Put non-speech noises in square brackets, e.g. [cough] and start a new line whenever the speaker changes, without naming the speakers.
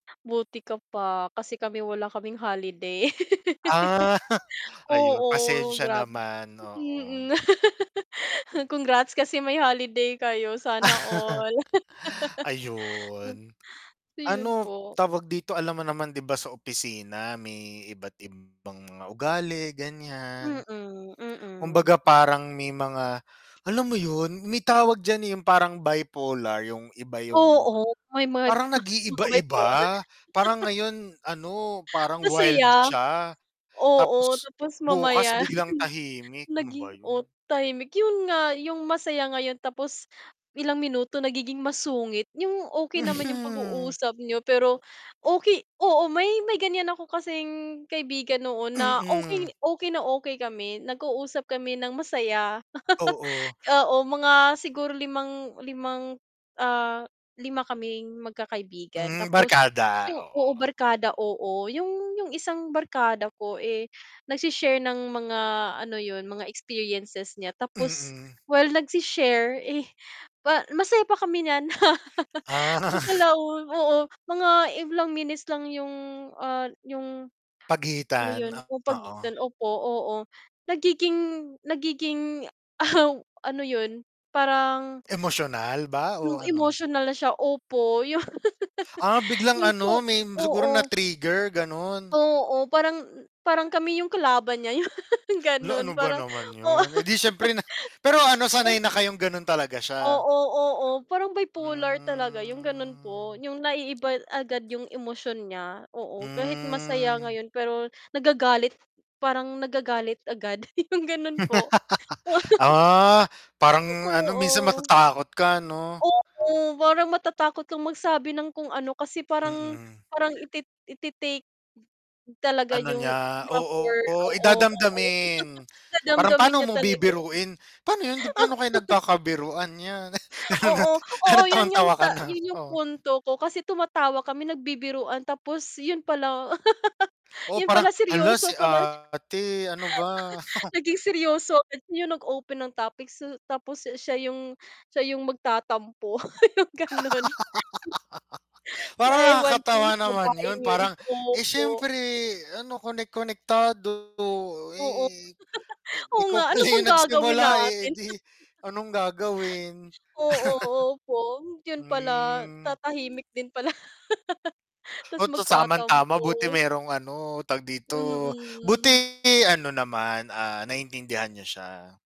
Buti ka pa kasi kami wala kaming holiday.
Ah,
[laughs]
[chuckles] ayun
oo,
pasensiya
grabe,
naman, oo.
mm. [laughs] congrats kasi may holiday kayo sana all.
[laughs]
[laughs]
Ayun.
Ayun
Ano
po.
tawag dito alam mo naman 'di ba sa opisina may iba't ibang mga ugali ganyan,
Mm, mm.
kumbaga parang may mga, alam mo yun may tawag dyan yung parang bipolar yung iba yung
Oo, may mga
parang
mga bipolar.
nag-iiba-iba parang
[laughs]
ngayon ano parang wild
Masaya,
siya
oo,
tapos
tapos
bukas
mamaya
biglang
[chuckles]
tahimik, ano
naging
ba yun?
o tahimik yun nga yung masaya ngayon tapos ilang minuto nagiging masungit, yung okay naman yung
Mhm.
pag-uusap niyo pero okay oo, may may ganyan ako kasing kaibigan noon na okay
Mm.
okay na okay kami nag-usap kami ng masaya. [chuckles]
Oo.
Oo mga siguro 5, 5, ah, 5 kaming magkakaibigan
Hmm,
tapos
barkada,
yung oo,
oo.
barkada oo yung yung 1 barkada ko eh, nagshe-share ng mga, ano yun, mga experiences niya tapos
Mm.
while nagsi-share, eh, pa masaya pa kami niyan. [chuckles]
Ah.
pagkalaon oo, mga ilang minutes lang yung, ah, yung, ano,
Pagitan,
yun yung
oo.
pagitan opo, oo, nagiging nagiging [chuckles] ano yun parang
Emosyonal ba o
yung
ano?
emotional siya opo yun.
Ah,
[laughs]
biglang
Yung
ano
po
may siguro
oo.
na-trigger ganon.
Oo, parang parang kami yung kalaban niya yun
La
ganun
ano ba
parang
naman
oo.
yun eh, di syempre na pero ano sanay na kayong ganun talaga siya.
Oo, oo parang bipolar talaga yung ganun po,
Hmm.
yung naiiba agad yung emosyon niya oo. Kahit masaya
Hmm.
ngayon pero nagagalit parang nagagalit agad yung ganun po
[laughs] Ah, parang ano minsan
oo.
matatakot ka ano?
Oo, parang matatakot kang magsabi ng kung ano kasi parang
Mm.
parang iti itiitake talaga
Ano
yung
niya
offer,
oo eh,
oo, oo
dadamdamin
[chuckles]
parang
dadamdamin
pano
niya
mo
talaga yun.
bibiruin, pa'no yun, di paano kayo
[laughs]
nagkakabiruan yan.
[chuckles]
[chuckles]
Oo, oo.
Anong
Yun
tawang
yung
tawa ka
ta
na,
yun yung
oo.
punto ko kasi tumatawa kami nagbibiruan tapos yun pala [laughs]
Oo,
yun
parang
pala
hala si
seryoso pala siya.
ate ano ba.
[chuckles] Naging seryoso yung nag-open ng topics s tapos siya yung siya yung magtatampo, [chuckles] yung ganun.
[laughs] Parang
Ewan ko yung
nakakatawa naman yun
babaeng yun
parang, eh,
opo.
syempre ano konek konektado
Oo,
eh,
[chuckles] oo,
ikaw
nga ano
pala
bang
yung
gagawin
nagsimula eh,
natin? [chuckles]
di anong gagawin.
Oo,
[chuckles]
opo yun pala
Hmm.
tatahimik din pala, [laughs] tas
Oh, 'to
magtatampo.
tamang-tama buti merong ano tag dito, buti
Mm.
ano naman ah naiintindihan niya siya.